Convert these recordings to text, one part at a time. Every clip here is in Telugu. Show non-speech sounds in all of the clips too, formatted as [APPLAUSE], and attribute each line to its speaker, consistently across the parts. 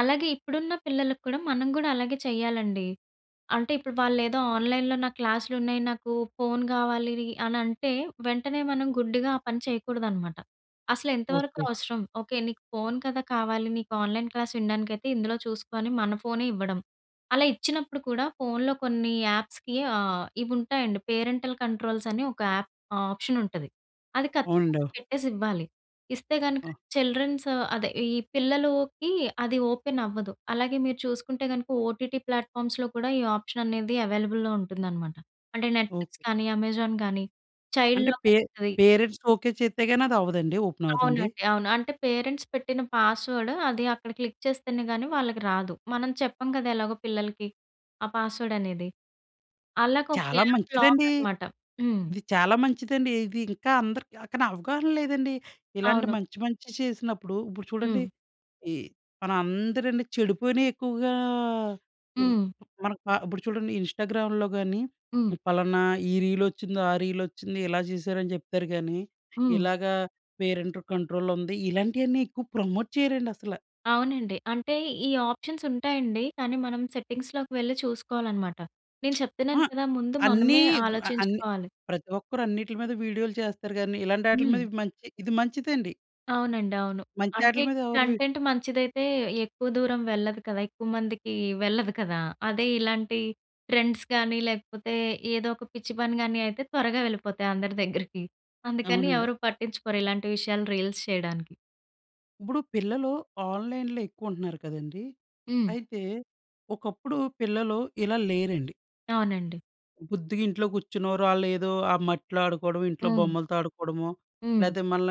Speaker 1: అలాగే ఇప్పుడున్న పిల్లలకి కూడా మనం కూడా అలాగే చేయాలండి. అంటే ఇప్పుడు వాళ్ళేదో ఆన్‌లైన్‌లో నాకు క్లాసులున్నాయి నాకు ఫోను కావాలి అని అంటే వెంటనే మనం గుడ్డిగా ఆ పని చేయకూడదనమాట. అసలెంతవరకు
Speaker 2: ఓకే.
Speaker 1: అవసరం? ఓకే. నీకు ఫోను కదా! కావాలి నీకు ఆన్‌లైన్ క్లాస్ వినడానికైతే ఇందులో చూసుకొ అని మన ఫోనే ఇవ్వడం. అలా ఇచ్చినప్పుడు కూడా ఫోనులో కొన్ని యాప్స్‌కి ఆహ్, ఇవుంటాయండి పేరెంటల్ కంట్రోల్స్ అని ఒక యాప్ ఆప్షన్ ఉంటది. అది ఖచ్చితంగా
Speaker 2: అవునండో.
Speaker 1: పెట్టేసివ్వాలి. ఇస్తే గనుక
Speaker 2: ఆ!
Speaker 1: చిల్డ్రన్స్ అదే ఈ పిల్లలకి అది ఓపెన్ అవ్వదు. అలాగే మీరు చూసుకుంటే గనుక ఓటిటి ప్లాట్‌ఫార్మ్స్‌లో కూడా ఈ ఆప్షన్ అనేది అవైలబుల్‌లో ఉంటుందన్నమాట. అంటే
Speaker 2: ఓహ్!
Speaker 1: నెట్‌ఫ్లిక్స్ కానీ, అమెజాన్ కానీ చైల్డ్
Speaker 2: అంటే
Speaker 1: లాక్
Speaker 2: పే
Speaker 1: అని ఉంటది.
Speaker 2: Parents okay. చేస్తే గాని అది అవ్వదండి? ఓపెన్ అవ్వదండి?
Speaker 1: అవునండి. అవును. అంటే పేరెంట్స్ పెట్టిన పాస్‌వర్డ్ అది అక్కడ క్లిక్ చేస్తేనే గాని వాళ్ళకి రాదు. మనం చెప్పం కదా! ఎలాగో పిల్లలకి, ఆ పాస్‌వర్డ్ అనేది. వాళ్ళకు ఒక
Speaker 2: చాలా
Speaker 1: యాప్ లాక్
Speaker 2: మంచిదండి!
Speaker 1: అనమాట. హ్మ్.
Speaker 2: ఇది చాలా మంచిదండి. ఇది ఇంకా అందరికి కాని అవగాహన లేదండి. ఇలాంటి
Speaker 1: అవును.
Speaker 2: మంచి మంచి చేసినప్పుడు, ఇప్పుడు చూడండి,
Speaker 1: హ్మ్.
Speaker 2: ఈ మన అందరని చెడుపోయినయి ఎక్కువగా ఉ
Speaker 1: హ్మ్.
Speaker 2: మనకి ప ఇప్పుడు చూడండి, ఇన్‌స్టాగ్రామ్‌లో గాని
Speaker 1: హ్మ్.
Speaker 2: పలానా ఈ రీలొచ్చింది, ఆ రీలొచ్చింది, ఇలా చేసారు అని చెప్తారు గాని
Speaker 1: హ్మ్.
Speaker 2: ఇలాగా పేరెంట్ కంట్రోల్ ఉంది. ఇలాంటియన్నీ ఎక్కువ ప్రమోట్ చేయరండసల.
Speaker 1: అవునండి. అంటే ఈ ఆప్షన్స్ ఉంటాయండి. కానీ మనం సెట్టింగ్స్‌‌లోకి వెళ్లి చూసుకోవాలనమాట. నేను
Speaker 2: [SMACKS LIPS] ఆ!
Speaker 1: చెప్తున్నాను కదా! ముందు
Speaker 2: అన్నీ
Speaker 1: మనమే
Speaker 2: ఇప్పు అన్ని
Speaker 1: ఆలోచించుకోవాలి.
Speaker 2: ప్రతి ఒక్కరు అన్నిట్ల మీద వీడియోలు చేస్తారు గాని! ఇలాంటాట్లి
Speaker 1: హ్మ్.
Speaker 2: మీద మంచి ఇది మంచిదండి.
Speaker 1: అవునండి. అవును. అంటే
Speaker 2: మంచాటిల మీద ఎవరు వి
Speaker 1: కంటెంట్ మంచిదైతే ఎక్కువ దూరం వెళ్ళదు కదా! ఎక్కువ మందికి వెళ్ళదు కదా! అదే ఇలాంటి ట్రెండ్స్ కానీ లేకపోతే ఏదో ఒక పిచ్చి పని గాని, అయితే త్వరగా వెళ్ళిపోతాయి అందరి దగ్గరికి. అందుకని
Speaker 2: అవునండి.
Speaker 1: ఎవరు పట్టించుకోరు ఇలాంటి విషయాలు రీల్స్ చేయడానికి.
Speaker 2: ఇప్పుడు పిల్లలు ఆన్‌లైన్‌లో ఎక్కువ ఉంటున్నారు కదండీ!
Speaker 1: హ్మ్.
Speaker 2: అయితే ఒకప్పుడు పిల్లలు ఇలా లేరండి.
Speaker 1: అవునండి.
Speaker 2: బుద్దిగా ఇంట్లో కూర్చున్న ఓరి ఆల్లేదో ఆ మట్టిలో ఆడుకోవడమో, ఇంట్లో
Speaker 1: హ్మ్.
Speaker 2: బొమ్మలతో ఆడుకోవడమో
Speaker 1: హ్మ్.
Speaker 2: లేతే మళ్ళ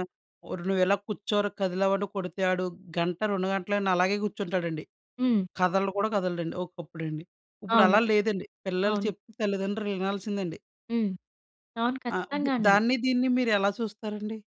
Speaker 2: నువ్వు ఎలా కూర్చోరా కదిలేవంటే కొడితే, ఆడు గంట, 2 గంటలైనా అలాగే కూర్చుంటాడండి.
Speaker 1: హ్మ్.
Speaker 2: కదలడు కూడా కదలడండి. ఒకప్పుడండి.
Speaker 1: అవును.
Speaker 2: ఇప్పుడలా లేదండి. పిల్లలు
Speaker 1: అవును.
Speaker 2: చెప్తే తల్లిదండ్రులు వినాల్సిందండి.
Speaker 1: హ్మ్. అవును.
Speaker 2: ఆ!
Speaker 1: ఖచ్చితంగా
Speaker 2: ఉప్పుడు
Speaker 1: అండి.
Speaker 2: దాన్ని దీన్ని మీరెలా చూస్తారండి?